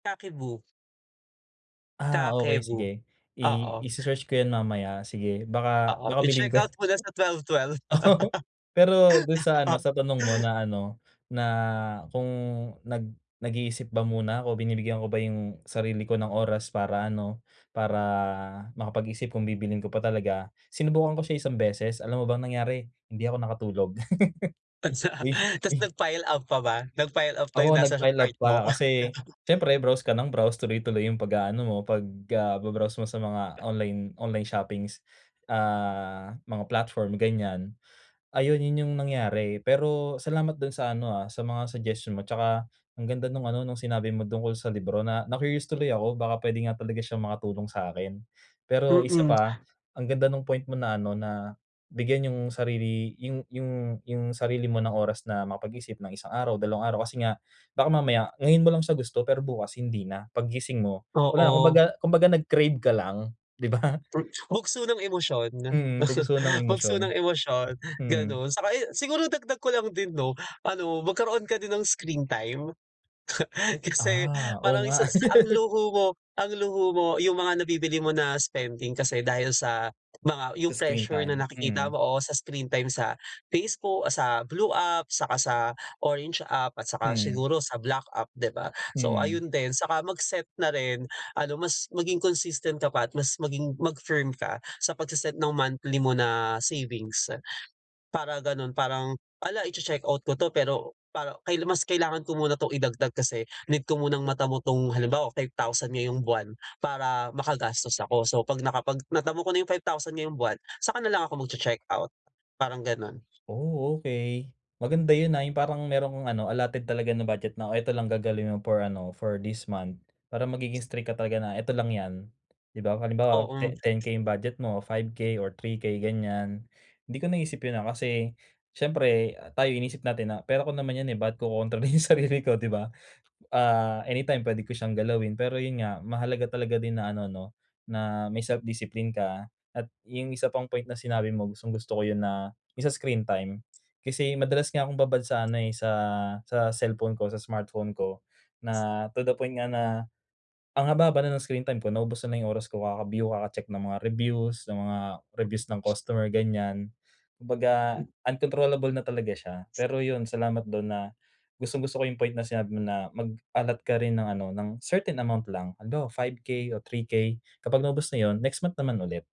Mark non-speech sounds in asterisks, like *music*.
Kakeibo. Ah, okey, sige. Kakeibo, I oo. ise-search ko yan mamaya sige, baka Oo, baka bilhin ko yan. i-checkout mo na sa 12.12. Oo, pero dun sa ano, sa tanong mo *laughs* na ano, na kung nag nag-iisip ba muna ako, binibigyan ko ba yung sarili ko ng oras para ano, para makapag-isip kung bibilhin ko pa talaga. Sinubukan ko siya isang beses, alam mo ba ang nangyari? Hindi ako nakatulog. Tapos, *laughs* ah, Uy, *laughs* tapos uy. nag-file up pa ba? Nag-file up ba Oo, yung nasa nag-file cart up pa mo? kasi *laughs* siyempre browse ka nang browse, tuloy-tuloy yung pag-aano mo, pag, ah, ba-browse mo sa mga online online shoppings, ah, mga platform, ganiyan. Ayun yun, yung nangyari. Pero salamat dun sa ano ah, sa mga suggestion mo tsaka ang ganda nung ano, nung sinabi mo tungkol sa libro. Na na-curious tuloy ako baka puwede nga talaga siyang makatulong sa'kin. Pero isa Mm. pa ang ganda nung point mo na ano, na bigyan yung sarili yung yung yung sarili mo ng oras na makapag-isip ng isang araw, dalawang araw kasi nga baka mamaya ngayon mo lang siya gusto pero bukas hindi na, paggising mo, wala na, Oo. kumbaga kumbaga nag-crave ka lang, di ba? Hmm, bugso ng emosyon, Mm, bugso ng bugso emosyon, ng emosyon, mm. ganun. Tsaka yung siguro dagdag ko lang din 'no, ano, magkaroon ka din ng screen time. *chuckles* Kasi Ah, oo parang nga. isa sa ang *laughs* luho mo ang luho mo yung mga nabibili mo na spending kasi dahil sa mga yung Sa screen pressure na time, nakikita mm. mo, oo, sa screen time sa Facebook, ah, sa blue app, saka sa orange app at saka Mm. siguro sa black app, di ba? So, Mm. ayun din, saka mag-set na rin, ano, mas maging consistent ka pa at mas maging mag-firm ka sa pagse-set ng monthly mo na savings. Para gano'n parang, hala, iche-checkout ko 'to pero para kaila mas kailangan ko muna 'tong idagdag kasi need ko munang matamo 'tong halimbawa, 5,000 ngayong buwan para makagastos ako. So, 'pag nakapag natamo ko na yung 5,000 ngayong buwan saka nalang ako magche-checkout, parang gano'n. Oh okey. Maganda yun ah, yung parang merong ano, allotted talaga na budget na o ito lang gagalawin mo for ano, for this month. Para magiging strict ka talaga na, ito lang yan, di ba? Kung halimbawa Oo. te 10k yung budget mo o 5K or 3K, ganiyan. Hindi ko naisip yun ah, kasi siyempre, ah, tayo iniisip natin na, "Pera ko naman yan eh ba't ko kokontrolin yung sarili ko," di ba? Ah, anytime puwede ko siyang galawin, pero yun nga, mahalaga talaga din na ano, 'no, na may self-discipline ka at yung isa pang point na sinabi mo, gustong-gusto ko yun na, yun sa screen time. Kasi madalas nga akong babad sa ano eh, sa sa cellphone ko, sa smartphone ko, na to the point nga na ang haba-haba na ng screen time ko naubos ko na yung oras ko kaka-view, kaka-check ng mga reviews, ng mga reviews ng Mm. customer, ganiyan. Kumbaga, uncontrollable na talaga siya. Pero yun, salamat dun na, gustong-gusto ko yung point na sinabi mo na mag-allot ka rin ng ano, ng certain amount lang, halimbawa 5K o 3K kapag naubos na yun, next month naman ulit.